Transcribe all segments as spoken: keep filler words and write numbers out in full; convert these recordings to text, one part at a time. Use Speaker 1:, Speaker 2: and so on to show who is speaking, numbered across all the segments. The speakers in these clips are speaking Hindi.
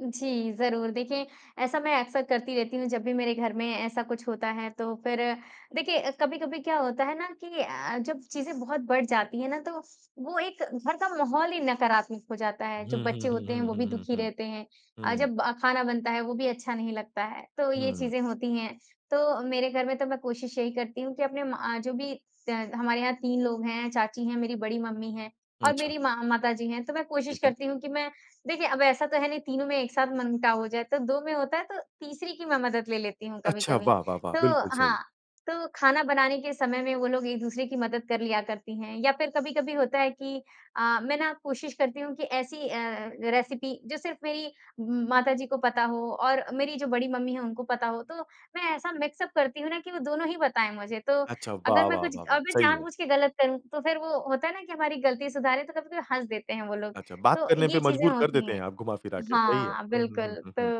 Speaker 1: जी, ज़रूर देखिए, ऐसा मैं अक़्सर करती रहती हूँ जब भी मेरे घर में ऐसा कुछ होता है, तो फिर देखिए कभी-कभी क्या होता है ना कि अ, जब चीज़ें बहुत बढ़ जाती हैं ना, तो वो एक घर का माहौल ही नकारात्मक हो जाता है, जो
Speaker 2: हुँ,
Speaker 1: बच्चे
Speaker 2: हुँ, हुँ,
Speaker 1: होते हैं,
Speaker 2: हुँ,
Speaker 1: वो भी
Speaker 2: हुँ, हुँ,
Speaker 1: दुखी
Speaker 2: हुँ।
Speaker 1: रहते हैं। अ,
Speaker 2: हुँ।
Speaker 1: जब खाना बनता है, वो भी अच्छा नहीं लगता है, तो ये
Speaker 2: हुँ।
Speaker 1: चीज़ें होती हैं, तो मेरे घर में तो मैं कोशिश यही करती हूँ कि अपने मा जो भी त हमारे यहाँ तीन लोग हैं चाची हैं, मेरी बड़ी मम्मी हैं और
Speaker 2: अच्छा।
Speaker 1: मेरी मा माताजी हैं, तो मैं कोशिश
Speaker 2: ठीक है।
Speaker 1: करती हूँ कि मैं देखिए अब ऐसा तो है नहीं, तीनों में एक साथ मन-मुटाव हो जाए, तो दो में होता है, तो तीसरी की मैं मदद ले लेती हूँ
Speaker 2: अच्छा,
Speaker 1: कभी-कभी।
Speaker 2: वाह, वाह, वाह!
Speaker 1: तो
Speaker 2: बिल्कुल सही।
Speaker 1: हाँ, तो खाना बनाने के समय में वो लोग एक-दूसरे की मदद कर लिया करती हैं या फिर कभी-कभी होता है कि अ, मैं ना कोशिश करती हूँ कि ऐसी अ, रेसिपी जो सिर्फ़ मेरी म माताजी को पता हो और मेरी जो बड़ी मम्मी है उनको पता हो, तो मैं ऐसा मिक्स अप करती हूँ ना कि वो दोनों ही बताएँ मुझे, तो
Speaker 2: अच्छा वाह,
Speaker 1: अगर मैं
Speaker 2: वाह,
Speaker 1: कुछ
Speaker 2: वाह, वाह!
Speaker 1: अगर
Speaker 2: सही है।
Speaker 1: जानबूझ के गलत करूँ, तो फिर वो होता है ना कि हमारी गलती सुधारे तो कभी-कभी हँस देते हैं वो लोग
Speaker 2: अच्छा, बात
Speaker 1: तो
Speaker 2: करने पे
Speaker 1: ये चीज़ें
Speaker 2: मजबूर कर
Speaker 1: होती
Speaker 2: देते
Speaker 1: हैं।
Speaker 2: हैं आप घुमा फिरा के, सही है।
Speaker 1: हाँ,
Speaker 2: हुँ, हुँ,
Speaker 1: बिल्कुल
Speaker 2: हुँ, हुँ,
Speaker 1: तो
Speaker 2: हुँ।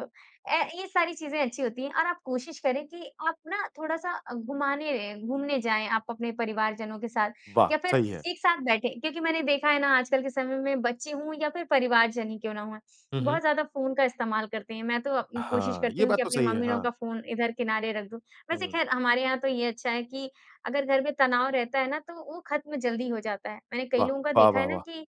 Speaker 1: अ, ये सारी चीज़ें अच्छी होती हैं और आप कोशिश करें कि आप ना थोड़ा-सा घुमाने घूमने जाएँ आप अपने परिवारजनों के साथ
Speaker 2: वाह!
Speaker 1: या फिर
Speaker 2: सही है।
Speaker 1: एक साथ बैठे क्योंकि मैंने देखा है ना आजकल के समय में बच्चे हो या फिर परिवारजन ही क्यों ना हो,
Speaker 2: हुँ,
Speaker 1: बहुत
Speaker 2: हुँ।
Speaker 1: ज़्यादा फ़ोन का इस्तेमाल करते हैं। मैं तो उम, कोशिश
Speaker 2: हाँ,
Speaker 1: करती
Speaker 2: ये
Speaker 1: हूँ कि
Speaker 2: बात तो
Speaker 1: अपनी
Speaker 2: सही है,
Speaker 1: मम्मी लोगों
Speaker 2: हाँ।
Speaker 1: का फ़ोन इधर किनारे रख दूँ, वैसे
Speaker 2: हुँ।
Speaker 1: ख़ैर हमारे यहाँ तो ये अच्छा है कि अगर घर में तनाव रहता है ना तो वो खत्म जल्दी हो जाता है। मैंने कई
Speaker 2: वाह!
Speaker 1: लोगों का
Speaker 2: वाह,
Speaker 1: देखा है
Speaker 2: वाह,
Speaker 1: ना
Speaker 2: वाह!
Speaker 1: कि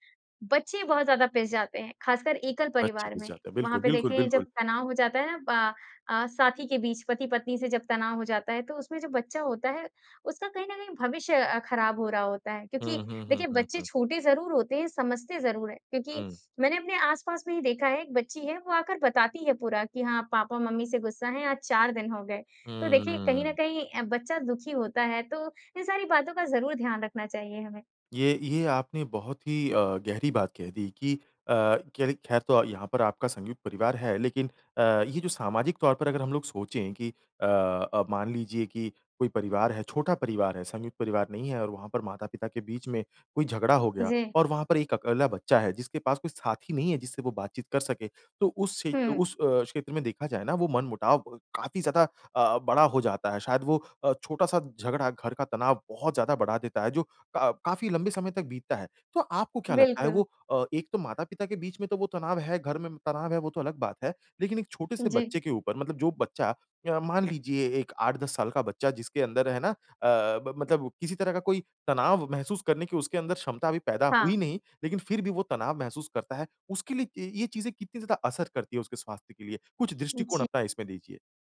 Speaker 1: बच्चे बहुत ज़्यादा पिस जाते हैं, ख़ासकर एकल
Speaker 2: बच्चे
Speaker 1: परिवार
Speaker 2: पीस
Speaker 1: में।
Speaker 2: जाते हैं,
Speaker 1: वहाँ
Speaker 2: बिल्कुल,
Speaker 1: पे
Speaker 2: बिल्कुल,
Speaker 1: देखिए जब
Speaker 2: बिल्कुल।
Speaker 1: तनाव हो जाता है प अ, साथी के बीच, पति-पत्नी से जब तनाव हो जाता है, तो उसमें जो बच्चा होता है, उसका कहीं न कहीं भविष्य अ, ख़राब हो रहा होता है क्योंकि
Speaker 2: हुँ, हुँ, हुँ,
Speaker 1: देखिए
Speaker 2: हुँ,
Speaker 1: बच्चे
Speaker 2: हुँ।
Speaker 1: छोटे ज़रूर होते हैं, समझते ज़रूर हैं क्योंकि
Speaker 2: हुँ।
Speaker 1: मैंने अपने आस-पास में ही देखा है, एक बच्ची है वो आकर बताती है पूरा कि हाँ, पापा मम्मी से गुस्सा है आज चार दिन हो गए। तो
Speaker 2: हुँ,
Speaker 1: देखिए कहीं न
Speaker 2: हुँ।
Speaker 1: कहीं अ, बच्चा दुखी होता है, तो इन सारी बातों का ज़रूर ध्यान रखना चाहिए हमें।
Speaker 2: ये ये, आपने बहुत ही अ, गहरी बात कह दी कि अ, कि अरे ख़ैर तो यहाँ पर आपका संयुक्त परिवार है, लेकिन अ, ये जो सामाजिक तौर पर अगर हम लोग सोचे कि अ अ, मान लीजिए कि कोई परिवार है, छोटा परिवार है, संयुक्त परिवार नहीं है और वहाँ पर माता-पिता के बीच में कोई झगड़ा हो गया
Speaker 1: जी।
Speaker 2: और वहाँ पर एक अकेला बच्चा है, जिसके पास कोई साथी नहीं है जिससे वो बातचीत कर सके, तो उस क्षे
Speaker 1: हुँ।
Speaker 2: उस अ, क्षेत्र में देखा जाए ना वो मन-मुटाव ब काफ़ी ज़्यादा अ अ, बड़ा हो जाता है, शायद वो अ, छोटा-सा झगडा घर का तनाव बहुत ज़्यादा बढ़ा देता है जो का काफ़ी लंबे समय तक बीतता है। तो आपको क्या लगता है
Speaker 1: बिल्कुल।
Speaker 2: वो अ, एक तो माता-पिता के बीच में तो वो तनाव है, घर में तनाव है, वो तो अलग बात है। लेकिन एक
Speaker 1: उम,
Speaker 2: छोटे-से
Speaker 1: जी।
Speaker 2: बच्चे के ऊपर मतलब जो बच्चा अ, मान लीजिए एक आठ दस साल का बच्चा जिसके अंदर है ना अ अ, ब मतलब किसी तरह का कोई तनाव महसूस करने की उसके अंदर क्षमता अभी पैदा हुई
Speaker 1: हाँ।
Speaker 2: नहीं, लेकिन फिर भी वो तनाव महसूस करता है, उसके लिए ये चीजें कितनी ज़्यादा असर करती है उसके स्वास्थ्य के लिए? कुछ दृष्टिकोण
Speaker 1: जी।
Speaker 2: अपना इसमें दीजिए।